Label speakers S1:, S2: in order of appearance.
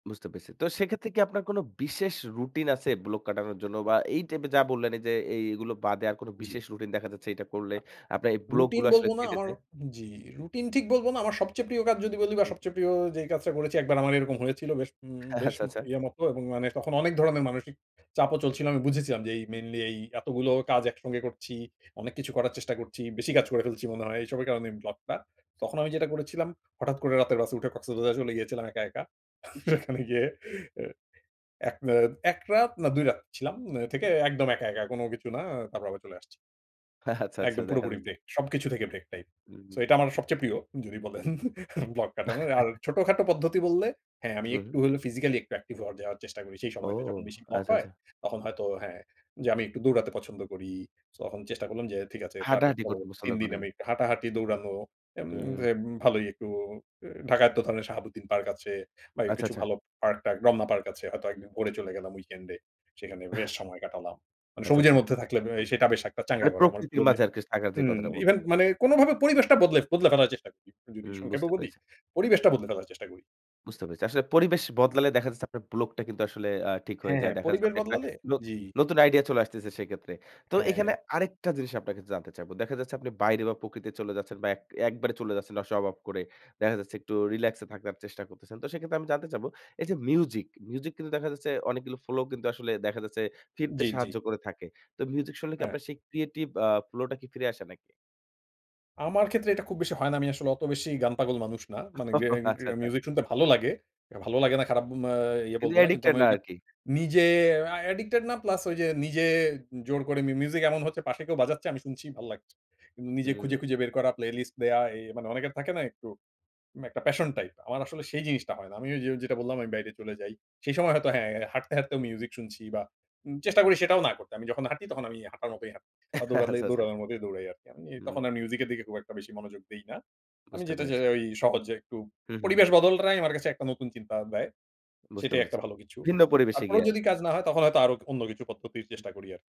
S1: বুঝতে পেরেছি। তো সেক্ষেত্রে কি আপনার কোন বিশেষ রুটিন আছে ব্লক কাটানোর জন্য? বা এই টাইপের যা বললেন এই যে এইগুলো বাদে আর কোন
S2: জি।
S1: বিশেষ রুটিন দেখা যাচ্ছে এটা করলে
S2: আ
S1: আপনার এই
S2: রুটিন
S1: ব্লকগুলো আসলে
S2: বলবো না।
S1: কেটে
S2: আমার
S1: যায়?
S2: জি, রুটিন ঠিক বলবো না। আমার সবচেয়ে প্রিয় কাজ যদি বলি বা
S1: উ
S2: সবচেয়ে প্রিয় যেই কাজটা করেছি একবার আমার এরকম হয়েছিল বেশ, উম বেশ,
S1: আচ্ছা, আচ্ছা।
S2: ইয়ের মতো এবং মানে তখন অনেক ধরনের মানসিক চাপও চলছিল। আমি বুঝেছিলাম যে এই মেইনলি এই এতগুলো কাজ একসঙ্গে করছি, অনেক কিছু করার চেষ্টা করছি, বেশি কাজ করে ফেলছি মনে হয়। এইসবের কারণে ব্লকটা। তখন আমি যেটা করেছিলাম হঠাৎ করে রাতের বাসে উঠে কক্সবাজার চলে গিয়েছিলাম একা, একা। সেখানে গিয়ে আ ১ অ ১ রাত না ২ রাত ছিলাম অ্যা
S1: হু,
S2: থেকে
S1: হু।
S2: একদম একা, একা, কোন কিছু না। তারপর আবার চলে আসছি।
S1: আচ্ছা, আচ্ছা।
S2: একদম
S1: দেখা
S2: পুরোপুরি
S1: যাচ্ছে।
S2: ব্রেক। সবকিছু থেকে ব্রেক টাইপ।
S1: উম
S2: সো এটা আমার
S1: হু।
S2: সবচেয়ে প্রিয়। যদি বলেন ব্লক কাটানো। আর ছোটখাটো পদ্ধতি বললে, হ্যাঁ আমি
S1: হুম।
S2: একটু হলে ফিজিক্যাল একটু অ্যাকটিভ হওয়ার যাওয়ার চেষ্টা করি সেই
S1: ও।
S2: সময়টা যখন বেশি ব্লক
S1: আচ্ছা,
S2: হয়।
S1: আচ্ছা।
S2: তখন হয়তো হ্যাঁ যে আমি একটু দৌড়াতে পছন্দ করি। সো তখন চেষ্টা করলাম যে ঠিক আছে। তার
S1: হাঁটাহাঁটি করতে
S2: পরবর্তী
S1: পছন্দ
S2: ৩ দিন
S1: করেন?
S2: আমি হাঁটাহাঁটি দৌড়ানো এম
S1: হুম।
S2: দে ভালোই একটু ঢাকায় তো ধরনের সাহাবুদ্দিন পার্ক আছে বা
S1: আচ্ছা,
S2: কিছু
S1: আচ্ছা।
S2: ভালো পার্ক-টার্ক রমনা পার্ক আছে। হয়তো একদিন ভোরে চলে গেলাম উইকেন্ডে। সেখানে বেশ সময় কাটালাম। মানে
S1: আচ্ছা,
S2: সবুজের
S1: আচ্ছা।
S2: মধ্যে থাকলে ব্যা সেটা বেশ একটা চাঙ্গা
S1: মানে
S2: করে আমার
S1: প্রকৃতির
S2: মনে
S1: মাঝে আরকি থাকার যে
S2: হুম,
S1: কথাটা বল
S2: ইভেন মানে কোনভাবে পরিবেশটা বদলে বদলে ফেলার চেষ্টা করি।
S1: হু,
S2: যদি সংক্ষেপে
S1: বুঝতে
S2: বলি
S1: পেরেছি।
S2: পরিবেশটা বদলে ফেলার চেষ্টা করি।
S1: বুঝতে পেরেছি। আসলে পরিবেশ বদলালে দেখা যাচ্ছে আপনার ব্লকটা কিন্তু আসলে আ ঠিক হয়ে
S2: হ্যাঁ,
S1: যায়।
S2: হ্যাঁ।
S1: দেখা যাচ্ছে
S2: পরিবেশ
S1: আপনি একটা
S2: বদলালে
S1: ন
S2: জি।
S1: নতুন আইডিয়া চলে আসতেছে সেক্ষেত্রে। তো
S2: হ্যাঁ।
S1: এখানে আরেকটা জিনিস আপনার কাছে জানতে চাইবো। দেখা যাচ্ছে আপনি বাইরে বা প্রকৃতি চলে যাচ্ছেন বা এক একবারে চলে যাচ্ছেন সব অফ করে। দেখা যাচ্ছে একটু রিল্যাক্সে থাকার চেষ্টা করতেছেন। তো সেক্ষেত্রে আমি জানতে চাবো এই যে মিউজিক, মিউজিক, কিন্তু দেখা যাচ্ছে অনেকগুলো ফ্লো কিন্তু আসলে দেখা যাচ্ছে ফিরতে
S2: জি, জি।
S1: সাহায্য করে থাকে। তো মিউজিক শুনলে কি
S2: হ্যাঁ।
S1: আপনার সেই ক্রিয়েটিভ অ্যা ফ্লোটা কি ফিরে আসে নাকি?
S2: আমার ক্ষেত্রে এটা খুব বেশি হয় না। আমি আসলে অত বেশি গান পাগল মানুষ না। মানে
S1: ও।
S2: গে
S1: আচ্ছা
S2: গেন
S1: আচ্ছা।
S2: মিউজিক শুনতে ভালো লাগে। ভালো লাগে না খারাপ মা ইয়ে বলব
S1: কিন্তু
S2: না। কিন্তু
S1: অ্যাডিক্টেড
S2: আমি
S1: না
S2: ওইযে
S1: আরকি।
S2: নিজে আ অ্যাডিক্টেড না প্লাস ওই যে নিজে জোর করে মি মিউজিক এমন হচ্ছে পাশে কেউ বাজাচ্ছে আমি শুনছি ভাল লাগছে। কিন্তু নিজে খুঁজে,
S1: হুম।
S2: খুঁজে, বের করা প্লেলিস্ট দেওয়া। এ মানে অনেকের থাকে না একটু। একটা প্যাশন টাইপ। আমার আসলে সেই জিনিসটা হয় না। আমি যে যেটা বললাম আমি বাইরে চলে যাই। সেই সময় হয়তো হ্যাঁ হাঁটতে হাঁটতে, ও মিউজিক শুনছি বা উ চেষ্টা করি সেটাও না করতে। আমি যখন হাঁটি তখন আমি হাঁটার মতই হাঁটি বা দৌড়লে
S1: আচ্ছা, আচ্ছা।
S2: দৌড়ানোর মতই দৌড়াই আরকি। আমি তখন
S1: হুম।
S2: আর মিউজিক এর দিকে খুব একটা বেশি মনোযোগ দেই না। আমি
S1: বুঝতে
S2: যেটা যে
S1: পেরেছি।
S2: আই সহজ একটু
S1: হু, হু।
S2: পরিবেশ বদলটাই আমার কাছে একটা নতুন চিন্তা দেয়।
S1: বুঝতে
S2: সেটাই একটা
S1: পেরেছি।
S2: ভালো কিছু।
S1: ভিন্ন পরিবেশে
S2: তারপরও
S1: গিয়ে আরকি।
S2: যদি কাজ না হয় তখন হয়তো আরো অন্য কিছু পদ্ধতির
S1: হুম।
S2: চেষ্টা করি আর